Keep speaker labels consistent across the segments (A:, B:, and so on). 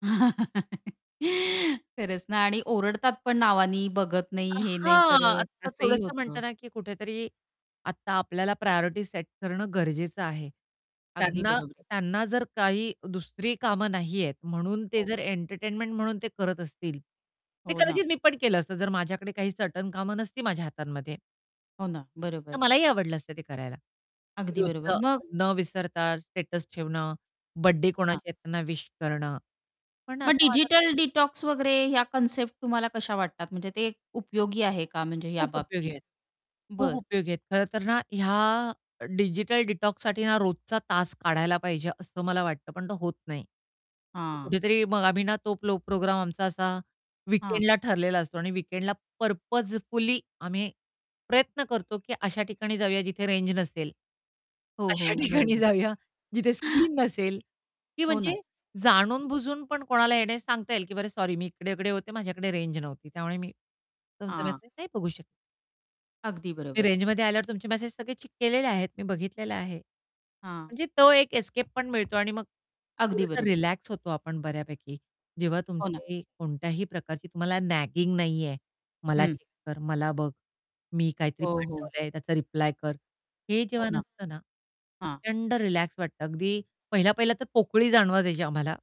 A: खरंच ना आणि ओरडतात, पण नावानी बघत नाही,
B: अ,
A: हे नाही
B: हां,
A: करत
B: आता
A: असंही
B: थोडंसं
A: होतं.
B: म्हणता ना की कुठेतरी आता आपल्याला प्रायोरिटी सेट करणं गरजेचं आहे.
A: अगदी
B: त्यांना
A: बरोबर आहे.
B: त्यांना जर काही दुसरी कामं नाहीयेत म्हणून ते
A: हो.
B: जर एंटरटेनमेंट म्हणून ते करत असतील, ते
A: हो ना.
B: कदाचित मी पण केलं असतं जर माझ्याकडे काही सर्टन कामं नसती माझ्या हातांमध्ये
A: हो ना,
B: तर
A: बरोबर.
B: मलाही आवडलं असतं ते करायला की
A: अगदी बरोबर,
B: रोजचं
A: मग
B: न विसरता स्टेटस ठेवणं, बर्थडे
A: हां.
B: कोणाचे आहेत त्यांना विश करणं, पण
A: मग
B: आता माझ्याकडे
A: डिजिटल डिटॉक्स वगैरे ह्या कन्सेप्ट तुम्हाला कशा वाटतात? म्हणजे ते उपयोगी आहे का म्हणजे या
B: खूप उपयोगी
A: बाबतीत?
B: आहेत खूप
A: बरं.
B: उपयोगी आहेत खरंतर ना ह्या डिजिटल डिटॉक्ससाठी ना रोजचा तास काढायला पाहिजे असं मला वाटतं, पण तो होत नाही. तो
A: हां.
B: कुठेतरी मग आम्ही ना तो प्रो प्रोग्राम आमचा असा
A: हां.
B: वीकेंडला ठरलेला असतो आणि वीकेंडला पर्पजफुली आम्ही प्रयत्न करतो, की अशा ठिकाणी जाऊया जिथे रेंज नसेल.
A: हो, हो,
B: अशा ठिकाणी
A: बरोबर.
B: जाऊया, जिथे स्क्रीन नसेल की
A: हो ना.
B: म्हणजे
A: हां.
B: जाणून-बुजून पण कोणाला येण्यास सांगता येईल, की बरं सॉरी मी इकडे-इकडे होते माझ्याकडे रेंज नव्हती त्यामुळे मी तुमचा
A: हां.
B: मेसेज नाही बघू शकले.
A: अगदी
B: मी
A: बरोबर.
B: रेंजमध्ये आल्यावर तुमचे मेसेज सगळे चेक केलेले आहेत, मी बघितलेलं आहे.
A: हां.
B: म्हणजे तो एक एस्केप पण मिळतो आणि मग
A: अगदी
B: थोडंसं
A: बरोबर.
B: रिलॅक्स होतो आपण बऱ्यापैकी, जेव्हा
A: हो ना.
B: तुमचे कोणत्याही प्रकारची तुम्हाला नॅगिंग नाहीये, "मला
A: हं.
B: चेक कर, मला बघ, मी काहीतरी
A: हो, हो.
B: पाठवलंय त्याचा रिप्लाय कर!" हे
A: हो
B: जेव्हा
A: ना.
B: नसतं ना,
A: हां.
B: प्रचंड रिलॅक्स वाटतं. अगदी पहिल्या-पहिल्या तर पोकळी जाणवू द्यायची आम्हाला.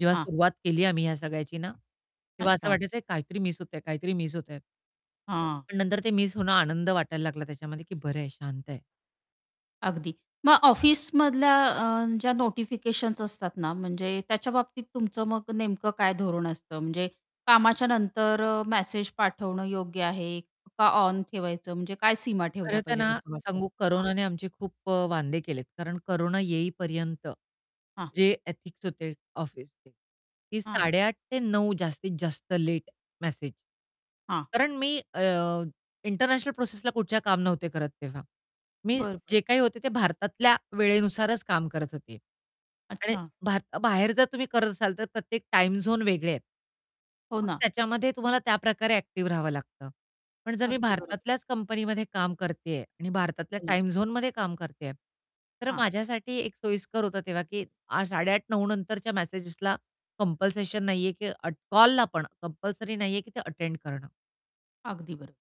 B: जेव्हा
A: हां.
B: सुरुवात केली आम्ही ह्या सगळ्याची ना, तेव्हा असं
A: अच्छा.
B: वाटायचं काहीतरी मिस होतंय, काहीतरी मिस होतंय
A: हां.
B: पण नंतर ते मिस होणं आनंद वाटायला लागला त्याच्यामध्ये, की बरंय, शांत आहे.
A: अगदी. मग ऑफिसमधल्या अ, ज्या नोटिफिकेशन्स असतात ना म्हणजे त्याच्याबाबतीत तुमचं मग नेमकं काय धोरण असतं? म्हणजे कामाच्या नंतर अ, मेसेज पाठवणं योग्य आहे का, ऑन ठेवायचं म्हणजे काय सीमा
B: खरं
A: ठेवल्या
B: तर
A: पाहिजेत
B: ना
A: असं वाटतं?
B: सांगू,
A: हां.
B: कोरोनाने आमचे खूप अ, वांदे केलेत. कारण कोरोना येईपर्यंत
A: हां.
B: जे एथिक्स होते ऑफिसचे की
A: हां.
B: 8:30 ते 9:00 जास्तीत जास्त लेट मेसेज
A: हां.
B: कारण मी अ, इंटरनॅशनल प्रोसेसला कुठच्याही काम नव्हते करत तेव्हा. मी
A: बरोबर.
B: जे काही होते ते भारतातल्या वेळेनुसारच काम करत होते आणि
A: अच्छा.
B: भार बाहेर जर तुम्ही करत असाल, तर प्रत्येक टाईम झोन वेगळे आहेत.
A: हो
B: मग
A: ना.
B: त्याच्यामध्ये तुम्हाला त्या प्रकारे ॲक्टिव्ह राहावं लागतं. पण जर मी
A: अगदी बरोबर.
B: भारतातल्याच कंपनीमध्ये काम करतेय आणि भारतातल्या
A: हो ना.
B: टाईम झोनमध्ये काम करतेय, तर
A: हां.
B: माझ्यासाठी एक सोयीस्कर होतं तेव्हा, की आ 8:30-9:00 नंतरच्या मेसेजेसला कंपल्शन नाहीये, की अ, कॉलला पण कंपल्सरी नाहीये, की ते अटेंड करणं.
A: अगदी बरो